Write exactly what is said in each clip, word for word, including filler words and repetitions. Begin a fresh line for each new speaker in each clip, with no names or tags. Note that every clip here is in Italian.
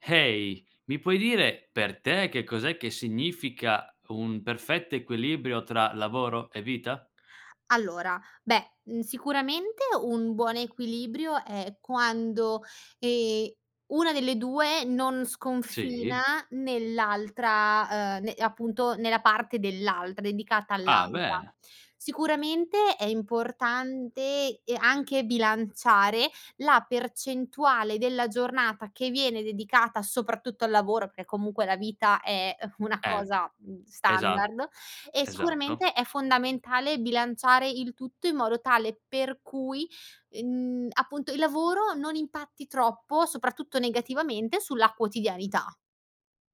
Hey, mi puoi dire per te che cos'è che significa un perfetto equilibrio tra lavoro e vita?
Allora, beh n sicuramente un buon equilibrio è quando, ehm, una delle due non sconfina
Sì.
nell'altra, uhm, ne appunto, nella parte dell'altra, dedicata
Ah,
all'altra.
bene.
Sicuramente, è importante, ehm, anche bilanciare la percentuale della giornata che viene dedicata soprattutto al lavoro, perché comunque la vita è una
E
cosa, mhmm,
esa
standard, e
esatto.
sicuramente è fondamentale bilanciare il tutto in modo tale per cui, mhmm, appunto il lavoro non impatti troppo, soprattutto negativamente, sulla quotidianità.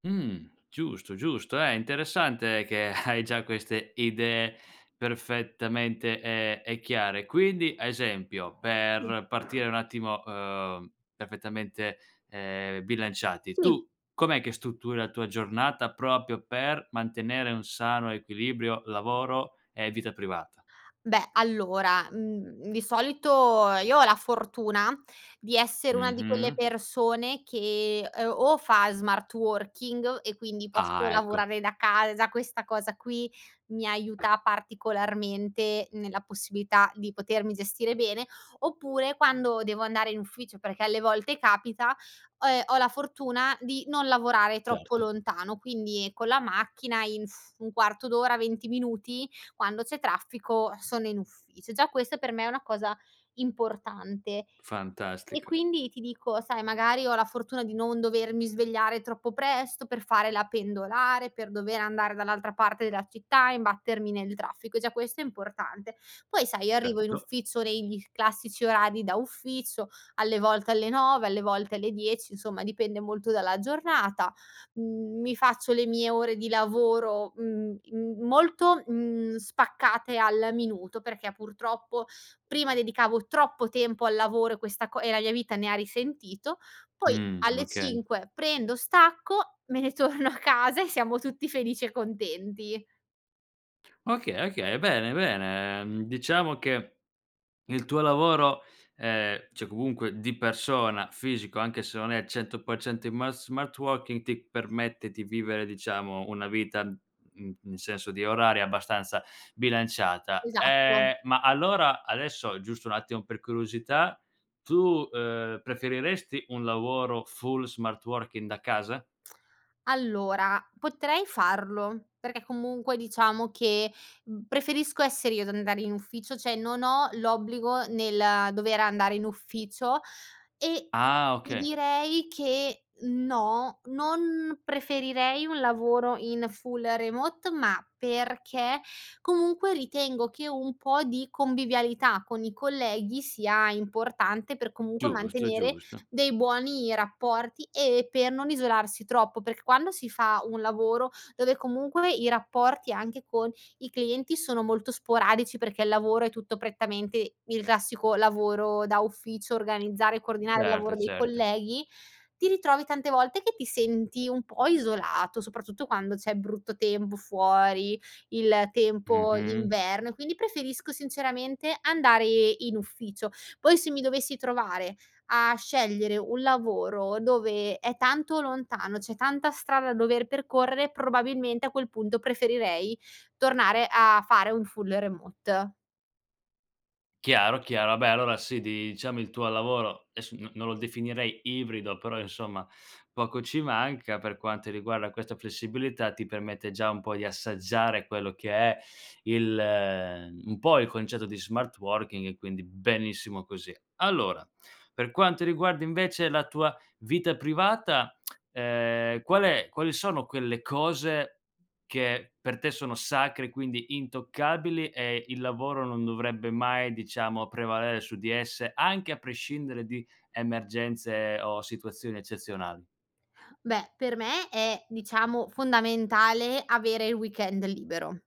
Mh. Giusto, giusto. Eh, interessante che hai già queste idee perfettamente, ehm, ehm, chiare. Quindi, a esempio,
[unintelligible]
per partire un attimo, uhm, perfettamente, ehm, bilanciati,
Sì.
tu com'è che strutturi la tua giornata propio per mantenere un sano equilibrio lavoro e vita privata?
Beh, allora, mhmm, di solito io ho la fortuna di essere una di quelle
Mh-mh.
persone che, uhm, o fa smart working, e quindi posso
Ah, ecco.
lavorare da casa, questa cosa qui mi aiuta particolarmente nella possibilità di potermi gestire bene; oppure quando devo andare in ufficio, perché alle volte capita, ho, ehm, ho la fortuna di non lavorare troppo
Certo.
lontano, quindi con la macchina, in un quarto d'ora, venti minuti, quando c'è traffico, sono in ufficio. Già questa per me è una cosa importante. E
Fantastico.
quindi ti dico, sai, magari ho la fortuna di non dovermi svegliare troppo presto per fare la pendolare, per dover andare dall'altra parte della città, imbattermi nel traffico, e già questo è importante. Poi, sai, arrivo in
Certo.
ufficio negli classici orari da uffizzo: alle volte alle nove, alle volte alle dieci, insomma dipende molto dalla giornata, mhmm, mi faccio le mie ore di lavoro, mhmm, in molto, mhmm, spaccate al minuto perchè, purtroppo prima dedicavo troppo tempo al lavoro e questa co e la mia vita ne ha risentito, poi
Mh,
alle
okay.
cinque prendo, stacco me ne torno a casa, e siamo tutti felici e contenti.
Okay, okay, bene, bene. Ehm, diciamo che il tuo lavoro, ehm, ceh comunque di persona, fisico, anche se non è cento per cento in mas smart wokin, ti permette di vivere, diciamo, una vita, mhmm, in senso di oraria, abbastanza bilanciata.
Esatto.
Ehm, ma allora, adesso, giusto un attimo per curiosità, tu, ehm, preferiresti un lavoro full smart working da casa?
Allora potrei farlo, perché comunque, diciamo, che, mhmm, preferisco essere io ad andare in ufficio ceh, non ho l'obbligo nel dover andare in ufficio e,
Ah,
ti
okay.
direi, che no, non preferirei un lavoro in full remote, ma perché comunque ritengo che un pò di convivialità con i colleghi sia importante, per comunque
Giusto,
mantenere
giusto.
dei buoni rapporti e per non isolarsi troppo; perch quando si fa un lavoro dove comunque i rapporti, anche con i clienti, sono molto sporadici perché il lavoro è tutto prettamente il classico lavoro da ufficio, organizzare e coordinare, il
Certo,
lavoro dei
certo.
colleghi, ti ritrovi tante volte che ti senti un pò isolato, soprattutto quando c'è brutto tempo fuori, il tempo
Mh-mh.
d'inverno e quindi preferisco sinceramente andare in ufficio. Poi se mi dovessi trovare a scegliere un lavoro dove è tanto lontano, c'è tanta strada da dover percorrere, probabilmente a quel punto preferirei tornare a fare un full remote.
Chiaro, chiaro, abè allora sì, diciamo, il tuo lavoro, esso non non lo definirei ibrido però, insomma, poco ci manca per quanti riguarda questa flessibilità ti permette già un pò di assaggiare quello che è il un pò il concetto di smart working, quindi benissimo così. Allora, per quanto riguarda invece la tua vita privata, ehm, qual è quali sono quelle cose che per te sono sacre, quindi intoccabili, e il lavoro non dovrebbe mai, diciamo, prevalere su di esse anche a prescindere di emergenze o situazioni eccezionali?
Beh, per me è diciamo fondamentale avere il weekend libero;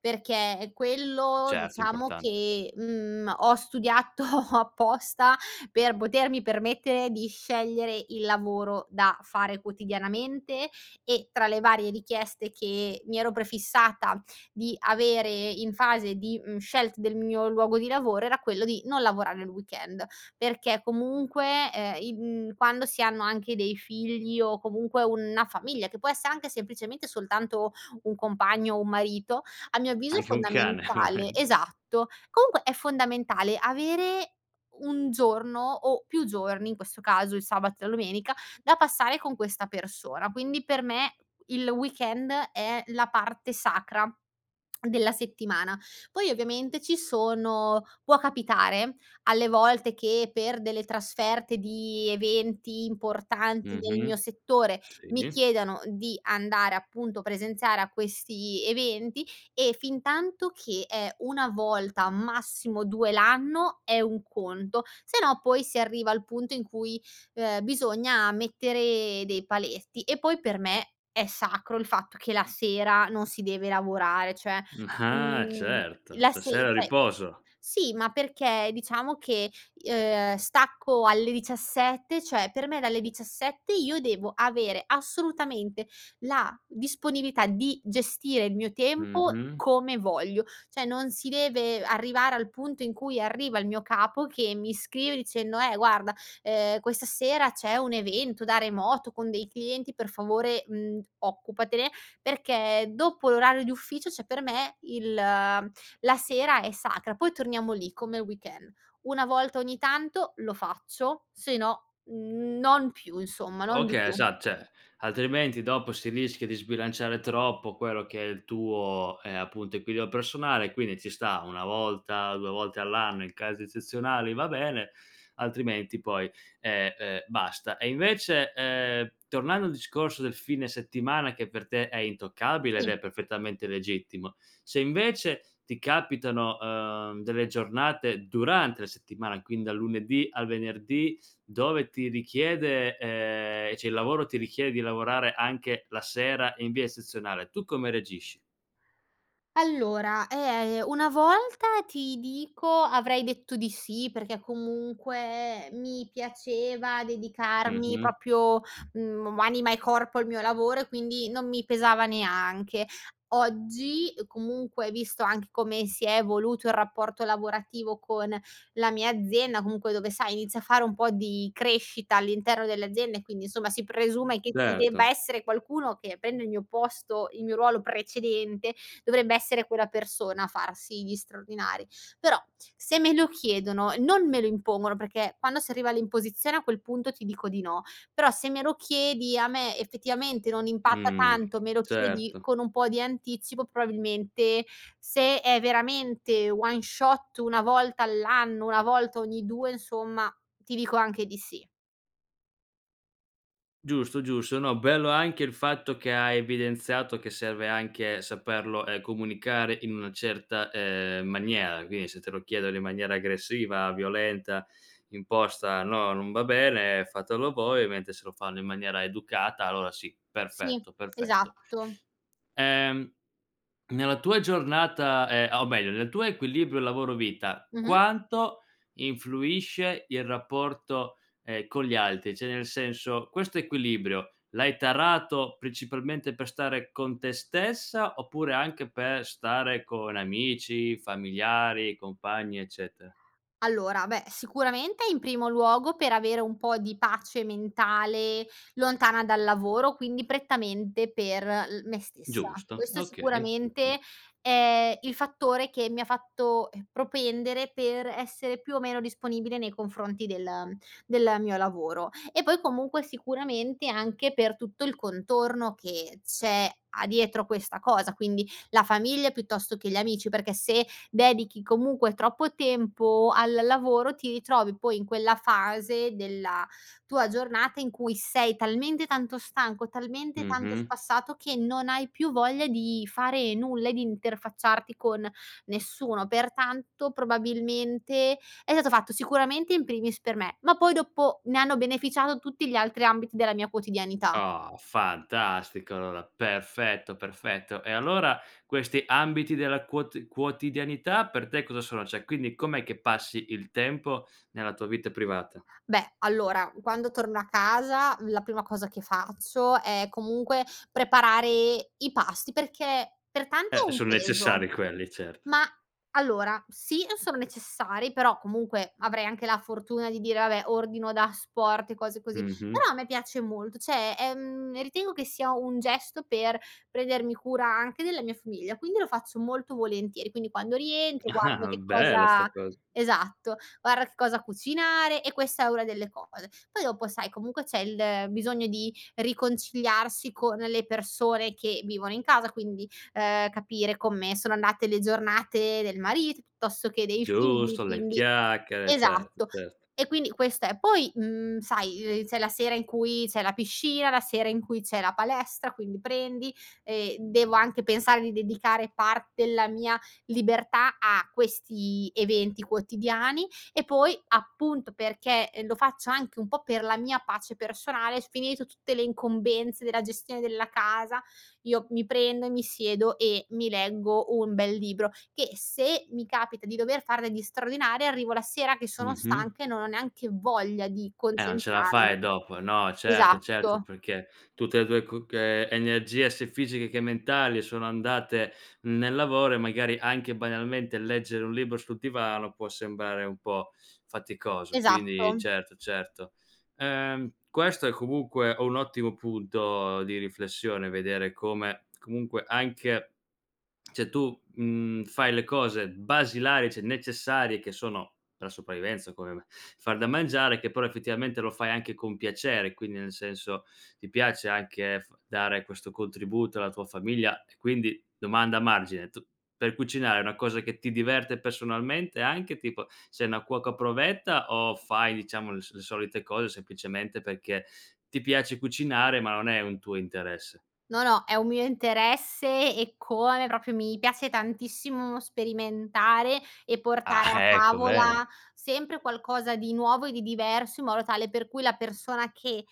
perché quello
Certo,
diciamo
importante.
che, mhmm, ho studiato apposta per potermi permettere di scegliere il lavoro da fare quotidianamente, e tra le varie richieste che mi ero prefissata di avere in fase di, mhmm, scelt del mio luogo di lavoro era quello di non lavorare il weekend perché comunque, ehm, in quando si hanno anche dei figli o comunque unna famiglia, che può esse anche semplicemente soltanto un compagno o un marito, a mio avviso è
Anche un cane,
fondamentale,
volendo.
esatto, comunque è fondamentale avere un giorno o più giorni, in questo caso il sabato e la domenica, da passare con questa persona. Quindi, per me il weekend è la parte sacra della settimana. Poi, ovviamente, ci sono può capitare alle volte che, per delle trasferte di eventi importanti nel
Mh-mh.
mio settore, mi
Sì.
chiedano di andare, appunto, presenziare a questi eventi e fintanto che è una volta, massimo due l'anno è un conto, se no poi si arriva al punto in cui, ehm, bisogna mettere dei paletti. E poi per me è sacro il fatto che la sera non si deve lavorare ceh,
Ah,
mhmm,
certo.
la
La
se
sera
ceh
riposo!
sì ma perché, diciamo, che i ehm, stacco alle diciassette ceh, per me dalle diciassette io devo avere assolutamente la disponibilità di gestire il mio tempo
Mh-mh.
come voglio. ceh, non si deve arrivare al punto in cui arriva il mio capo che mi scrive dicendo: "Eh guarda, ehm, questa sera c'è un evento da remoto con dei clienti per favore, mhmm, occupatene" perché dopo l'orario di ufficio, ceh, per me il la sera è sacra; poi torniamo lì, come il weekend: una volta ogni tanto lo faccio, se no non più, insomma, non di
Okay,
più.
esa ceh, altrimenti dopo si rischia di sbilanciare troppo quello che è il tuo, ehm, appunto equilio personale, quindi ci sta una volta, due volte all'anno in casi ezzezionali va bene, altrimenti poi, ehm, ehm, basta. E invece, ehm, tornando al discorso del fine settimana, che per te è intoccabile,
i.
ed è perfettamente legittimo: se invece ti capitano, ehm, delle giornate, durante la settimana quindi dal lunedì al venerdì, dove ti richiede, ehm, ceh, il lavoro ti richie di lavorare anche la sera in via ezzezionale, tu come reagisci?
Allora, ehm, a ehm, una volta, ti dico, avrei detto di sì perché, comunque, mi piaceva dedicarmi
Mh-mh.
proprio, mhmm, anima e corpo al mio lavoro e quindi non mi pesava neanche. Oggi, comunque visto anche come si è evoluto il rapporto lavorativo con la mia azienda, comunque dove, sai, inizio a fare un pò di crescita all'interno dell'azienda e quindi, insomma, si presume che ci debba
Certo.
essere qualcuno che prenda il mio posto, il mio ruolo precedente, dovrebbe essere quella persona a farsi gli straordinari. Però, se me lo chiedono e non me lo impongono perché, quando si arriva all'imposizione, a quel punto ti dico di no; però, se me lo chiedi a me, effettivamente, non impatta
Mh.
tanto, me lo chiedi
Certo.
con un pò di anticipo, probabilmente se è veramente one shot, una volta all'anno, una volta ogni due, insomma, ti dico anche di sì.
Giusto, giusto. No, bello anche il fatto che hai evidenziato che serve anche saperlo, ehm, comunicare in una certa, uhm, maniera. quini, se te lo chiedono in maniera aggressiva, violenta, imposta "No, non va bene, fatelo voi", ovemente se lo fanno in maniera educata allora sì;
Sì,
perfetto, perfetto.
esatto.
Ehm, nella tua giornata, ehm, o meglio, nel tuo equilibrio lavoro-vita
Mh-mh.
quanto influisce il rapporto, ehm, con gli altri? ceh, nel senso: questo equilibrio l'hai tarato, principalmente, per stare con te stessa? Oppure anche per stare con amici, familiari, compagni, eccete?
Allora, beh sicuramente in primo luogo per avere un pò di pace mentale lontana dal lavoro, quindi prettamente per l me stessa.
Giusto,
Questo
okay. [unintelligible]
sicuramente è il fattore che mi ha fatto, ehm, propendere per essere più o meno disponibile nei confronti del, ehm, del mio lavoro. E poi comunque, sicuramente anche per tutto il contorno che c'è a dietro questa cosa, quindi: la famiglia piuttosto che gli amici perché, se dedichi comunque troppo tempo al lavoro ti itrovi poi in quella fase della tua giornata in cui sei talmente tanto stanco, talmente tanto
Mh-mh.
spassato che non hai più voglia di fare nulla e di interfacciarti con nessuno. Pertanto, probabilmente è sato fatto sicuramente in primis per me, ma poi dopo ne hanno beneficiato tutti gli altri ambiti della mia quotidianità.
Oh, fantastico, allora! Perfetto, perfetto. E allora questi ambiti della quot quotidianità per te cosa sono? ceh, quindi com'è che passi il tempo nella tua vita privata?
Beh, allora quando torno a casa la prima cosa che faccio è comunque preparare i pasti perché per tanti
Eh,
è un
son
peso.
necessari quelli certo.
Mah, allora sì on sono necessari però, comunque avrei anche la fortuna di dire: "Vabbè, ordino da asporto", e cose così,
Mh-mh.
però a me piace molto ceh, ehm, ritengo che sia un gesto per prendermi cura anche della mia famiglia, quindi lo faccio molto volentieri. Quindi, quando rientro guardo che
Bella, 'sta
cosa
cosa.
esatto, guara che cosa cucinare, e questa è una delle cose; poi dopo, sai, comunque c'è il bisogno di riconciliarsi con le persone che vivono in casa quindi, ehm, capire comme sono andate le giornate del marito pittosto che dei figli
Giusto le
quindi
chiacchiere certo,
esatto,
certo.
e quindi questo è. Poi, mhmm, sai, ehm, c'è la sera in cui zè la piscina, la sera in cui c'è la palestra, quindi prendi e devo anche pensare di dedicare part della mia libertà a questi eventi quotidiani e poi, appunto, perché e lo faccio anche un pò per la mia pace personale, sc finito tutte le incombenze della gestione della casa, io mi prendo e mi siedo e mi leggo un bel libro che se mi capita di dover far degli straordinari arrivo la sera che sono
Mh-mh.
stanca e non ho neanche voglia di
Eh, on ce la
concentrarmi.
fai dopo. No, certo, certo.
Esatto.
Perché, tutte le tue coc ehm, energie sia fisiche che mentali sono andate nel lavoro e magari anche, banialmente, leggere un libro sul divano può sembrare un pò faticoso quindi
Esatto.
certo, certo. Ehm, questo è comunque un ottimo punto di riflessione: vedere come comunque anche ceh, tu, mhmm, fai le cose basilari, ceh necessarie, che sono per la sopravvivenza, come me: far da mangiare, che però effettivamente lo fai anche con piacere quindi, nel senso, ti piace anche f dare questo contributo alla tua famiglia. E quindi, domanda margine: tu per cucinare è una cosa che ti diverte pessonalmente anche, tipo sei una cuoca provetta, o fai diciamo le so le solite cose, sempicemente, perché ti piace cucinare ma non è un tuo interesse?
No, no, è un mio interesse eccome, propio mi piace tantissimo sperimentare e portare
Ah,
a
ecco.
tavola
Bene.
sempre qualcosa di nuovo e di diverso in modo tale per cui la persona che,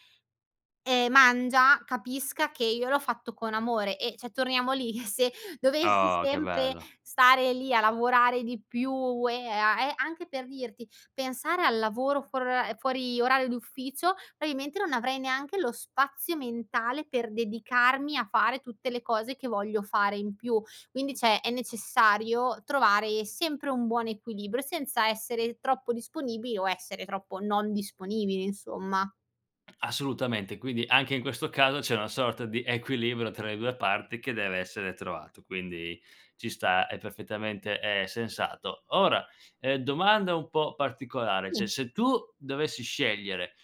ehm, mangia capisca che io l'ho fatto con amore e ceh, torniamo lì: eh, se dovessi
Oh, che
sempre
belo.
stare lì a lavorare di più, e a e anche per dirti pensare al lavoro fuori ora ehm, fuori orario di ufficio, amimente non avrei neanche lo spazio mentale per dedicarmi a fare tutte le cose che voglio fare in più. Quindi ceh, è necessario trovare sempre un buon equilibrio senza essere troppo disponibili o essere troppo non disponibili, insomma.
Assolutamente. Quindi, anche in questo caso c'è una sorta di equilibrio tra le due parti che deve essere trovato, quindi ci sta, è perfettamente, ehm, sensato. Ora, ehm, domanda un pò particolare: ceh,
Si.
se tu dovessi scegliere,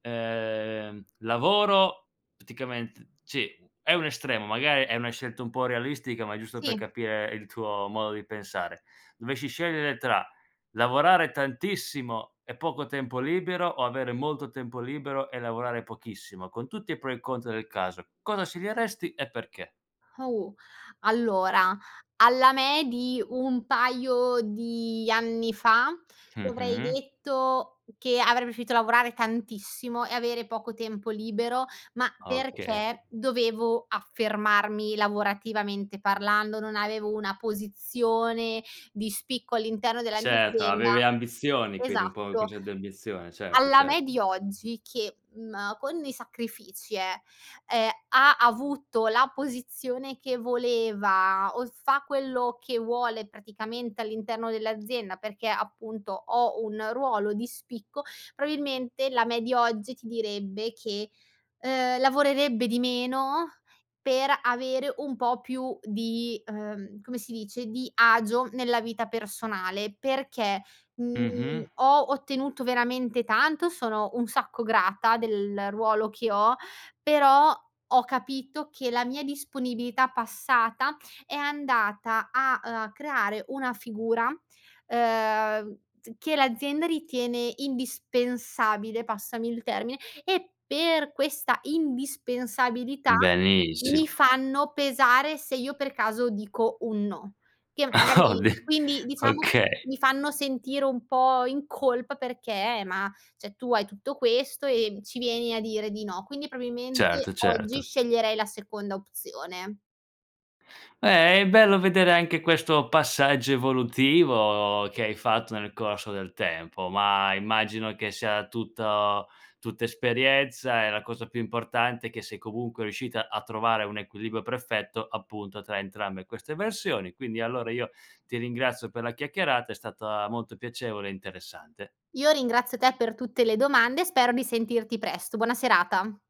ehm, lavoro pticament ci è un estremo, magari, è una scelta un pò irrealistica ma giusto per
Si.
capire il tuo modo di pensare; dovesci scegliere tra: lavorare tantissimo e poco tempo libero o avere molto tempo libero e lavorare pochissimo, con tutti i pro e i contro del caso, cosa sceglieresti e perché?
Au, allora alla me di un paio di anni fa, ti avrei
Mh-mh.
detto che avrei preferito lavorare tantissimo e avere poco tempo libero, ma
Okay.
perché dovevo affermarmi lavorativamente parlando, non avevo una posizione di spicco all'interno della mia
Certo,
azienda
avevi ambizioni quindi un pò un
esatto.
concè di ambizione certo,
Alla me
certo.
di oggi che, mhmm, con dei sacrifici, eh, ehm, ha avuto la posizione che voleva o fa quello che vuole praticamente all'interno dell'azienda, perché, appunto, ho un ruolo di spicco, probabilmente la me di oggi ti direbbe che, uhm, lavorerebbe di meno per avere un pò più di, uhm, come si dice, di agio nella vita personale perché, mhmm,
Mh-mh.
ho ottenuto veramente tanto, sono un sacco grata del ruolo che ho, però ho capito che la mia disponibilità passata è andata a, uhm, a creare una figura, uhm, z che, l'azienda ritiene indispensabile, passami il termine, e per questa indispensabilità mi
Benissimo.
fanno pesare se io per caso dico un no, che
Oh,
magari
di
quindi, diciamo,
okay.
mi fanno sentire un pò in colpa perché ma ceh, "Tu hai tutto questo, e ci vieni a dire di no". Quindi,
Certo,
promimente oggi
certo.
sceglierei la seconda opzione.
Beh, è bello vedere anche questo passaggio evolutivo che hai fatto nel corso del tempo. Ma, immagino che sia tutto tutta esperienza e la cosa più importante è che sei, comunque, riuscita a trovare un equilibrio perfetto, appunto, tra entrambe queste versioni. Quindi, allora io ti ringrazio per la chiacchierata, è stata molto piacevole e interessante.
Io ringrazio te per tutte le domande, e spero di sentirti presto. Buona serata.